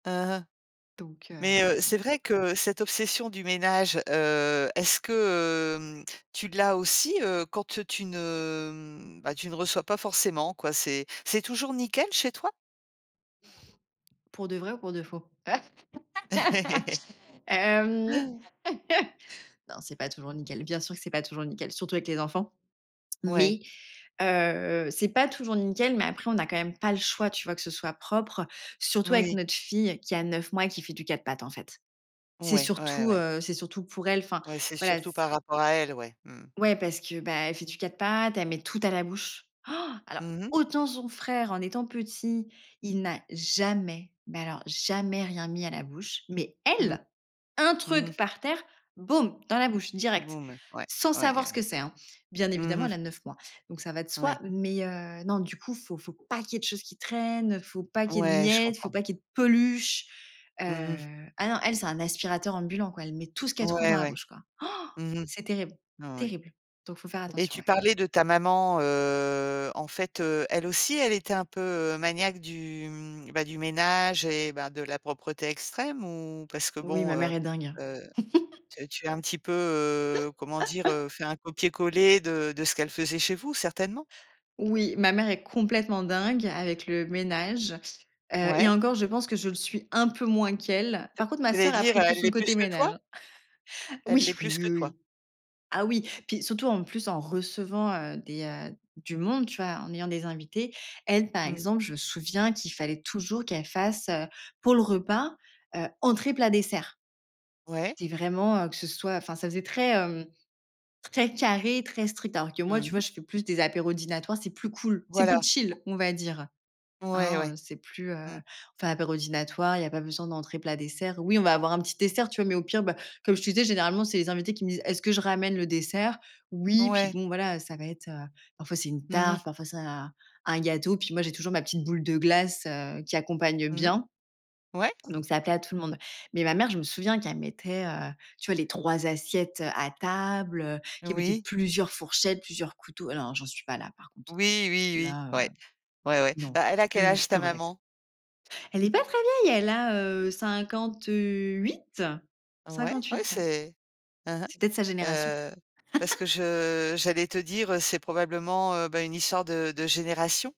Mmh, mh Donc heu, mais heu, ouais c'est non. vrai que, heu, cette obsession du ménage, heu, est-ce que, heu, tu l'as aussi, heu, quand te tu ne ben tu ne reçois pas forcément quoi? C'est c'est toujours nickel chez toi? Pour de vrai ou pour de faux? Hem. Non, c'est pas toujours nickel. Bien sûr que c'est pas toujours nickel, surtout avec les enfants. Ouais. Mais heu, c'est pas toujours nickel, mais après, on n'a quand même pas le choix, tu vois? Que ce soit propre, surtout avec Oui. notre fille qui a 9 mois et qui fait du 4 pattes en fait. C'est Ouais. Ouais, surtout, ouais. heu, c'est surtout pour elle. Enfin, Ouais, c'est voilà, surtout c par rapport à elle, ouais, mmh. Ouais, parce que, ben, elle fait du 4 pattes, elle met tout à la bouche. Alors Mmh mh. autant son frère en étant petit, il n'a jamais, mais alors jamais rien mis à la bouche, mais Mmh, elle, un mmh mh. truc par terre, boum, dans la bouche, direct, Boom, ouais. sans Ouais, savoir ce que ouais. c'est, hein. Bien Mmh évidemment, elle mh. a 9 mois, donc ça va de soi, Ouais. mais heu, non, du coup, faut faut pas qu'il y ait de choses qui traînent. Faut pas qu'il y ait de Ouais, je miettes, il faut comprends. pas qu'il y ait de peluches, Mmh mh. heu, ah, non, elle, c'est un aspirateur ambulant quoi. Elle met tout ce qu'elle trouve dans Ouais, la ouais. bouche quoi. Mmh mh. C'est terrible Non, ouais, terrible, donc il faut faire et attention, tu ouais. parlais de ta maman, heu, en fait, heu, elle aussi, elle était un peu, heu, maniaque du, mmh bah, du ménage et bah, de la propreté extrême ou parce que, Oui, bon, ma mère heu est dingue. heu, tu tu as un petit peu, heu, comment dire, heu, fait un copier-coller de de ce qu'elle faisait chez vous, certainement? Oui, ma mère est complètement dingue avec le ménage. Heu, et Ouais. encore, je pense que je le suis un peu moins qu'elle. J Par contre, ma j'allais sœur a dire, heu, pris tout elle l'est son plus côté que toi? ménage. Elle Oui, l'est oui, plus oui, que toi. oui. Ah oui, puis surtout, en plus, en recevant, heu, des, heu, du monde, tu vois? En ayant des invités. Elle, par Mmh. exemple, je me souviens qu'il fallait toujours qu'elle fasse, heu, pour le repas, heu, entrée, plat, dessert. Ouais. C'est vraiment, heu, que ce soit, enfin ça faisait très, hem, très carré, très strict. Alors que moi, Mmh tu vois? mh. Je fais plus des apéros dînatoires. C'est plus cool, c'est plus Voilà! chill, on va dire. Ouais, Hein, ouais. c'est plus, heu, Mmh. on fait un apéro dînatoire. Il y a pas besoin d'entrée, plat, dessert. Oui, on va avoir un petit dessert, tu vois? Mais au pire, bah, comme je te disais, généralement, c'est les invités qui me disent: «Est-ce que je ramène le dessert?» oui, puis Ouais. bon, voilà, ça va être, heu, parfois c'est une Mmh mh. tarte, parfois c'est un un gâteau. Puis moi, j'ai toujours ma petite boule de glace, heu, qui accompagne Mmh. bien, Ouais. donc ça plaît à tout le monde, mais ma mère, je me souviens qu'elle mettait, heu, tu vois? Les 3 assiettes à table, heu, qu'elle mettait Oui. plusieurs fourchettes, plusieurs couteaux. Ah non, hein, j'en suis pas là, par contre. Oui, oui, oui. Là, Ouais. heu, Ouais, ouais. non. Bah, elle Je a suis quel plus je âge, suis ta plus relax. maman? Elle est pas très vieille, elle a, heu, cinquante Ouais, huit-cinquante ouais, huit, ouais. c'est hein, hein. C'est peut-être sa génération. Heu, parce que je j'allais te dire, heu, c'est probablement, heu, ben, une histoire de de génération.